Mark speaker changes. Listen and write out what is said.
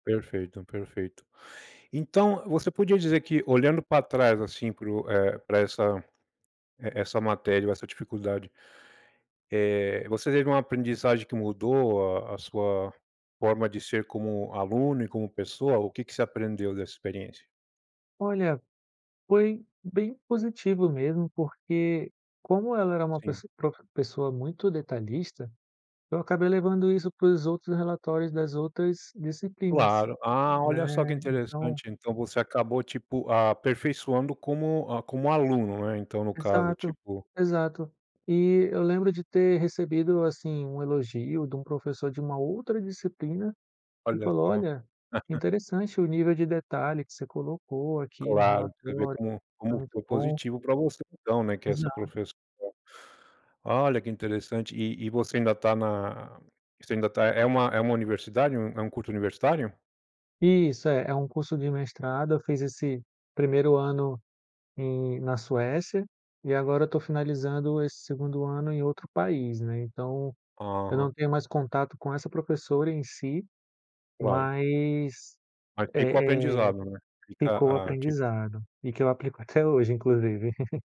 Speaker 1: Perfeito, perfeito. Então, você podia dizer que, olhando para trás, assim, para o eh, para essa e essa matéria ou essa dificuldade, eh, você teve uma aprendizagem que mudou a a sua forma de ser como aluno e como pessoa, o que que você aprendeu dessa experiência?
Speaker 2: Olha, foi bem positivo mesmo porque, como ela era uma
Speaker 1: Sim.
Speaker 2: pessoa profe pessoa muito detalhista, eu acabei levando isso para os outros relatórios das outras disciplinas,
Speaker 1: Claro, ah,
Speaker 2: né,
Speaker 1: olha só que
Speaker 2: então
Speaker 1: interessante, então, você acabou, tipo, aperfeiçoando como, ah, como aluno, né, então, no caso,
Speaker 2: Exato,
Speaker 1: tipo
Speaker 2: exato. E eu lembro de ter recebido, assim, um elogio de um professor de uma outra disciplina, que
Speaker 1: Olha
Speaker 2: falou:
Speaker 1: só.
Speaker 2: "Olha, interessante o nível de detalhe que você colocou aqui no
Speaker 1: Claro, você vê
Speaker 2: relatório,
Speaker 1: como
Speaker 2: né,
Speaker 1: como
Speaker 2: muito
Speaker 1: foi
Speaker 2: bom".
Speaker 1: positivo para você, então, né, que é essa
Speaker 2: Exato.
Speaker 1: professora. Olha, que interessante. E e você ainda está na você ainda está é uma é uma universidade, é um um curso universitário?
Speaker 2: Isso, é. É um curso de mestrado, eu fiz esse 1º ano em na Suécia, e agora eu estou finalizando esse 2º ano em outro país, né, então, eu não
Speaker 1: Hã.
Speaker 2: tenho mais contato com essa professora em si,
Speaker 1: Claro.
Speaker 2: mas,
Speaker 1: Mas fica o
Speaker 2: eh eh,
Speaker 1: aprendizado, né,
Speaker 2: ficou o
Speaker 1: fica, ah, tipo
Speaker 2: aprendizado, e que eu aplico até hoje, inclusive.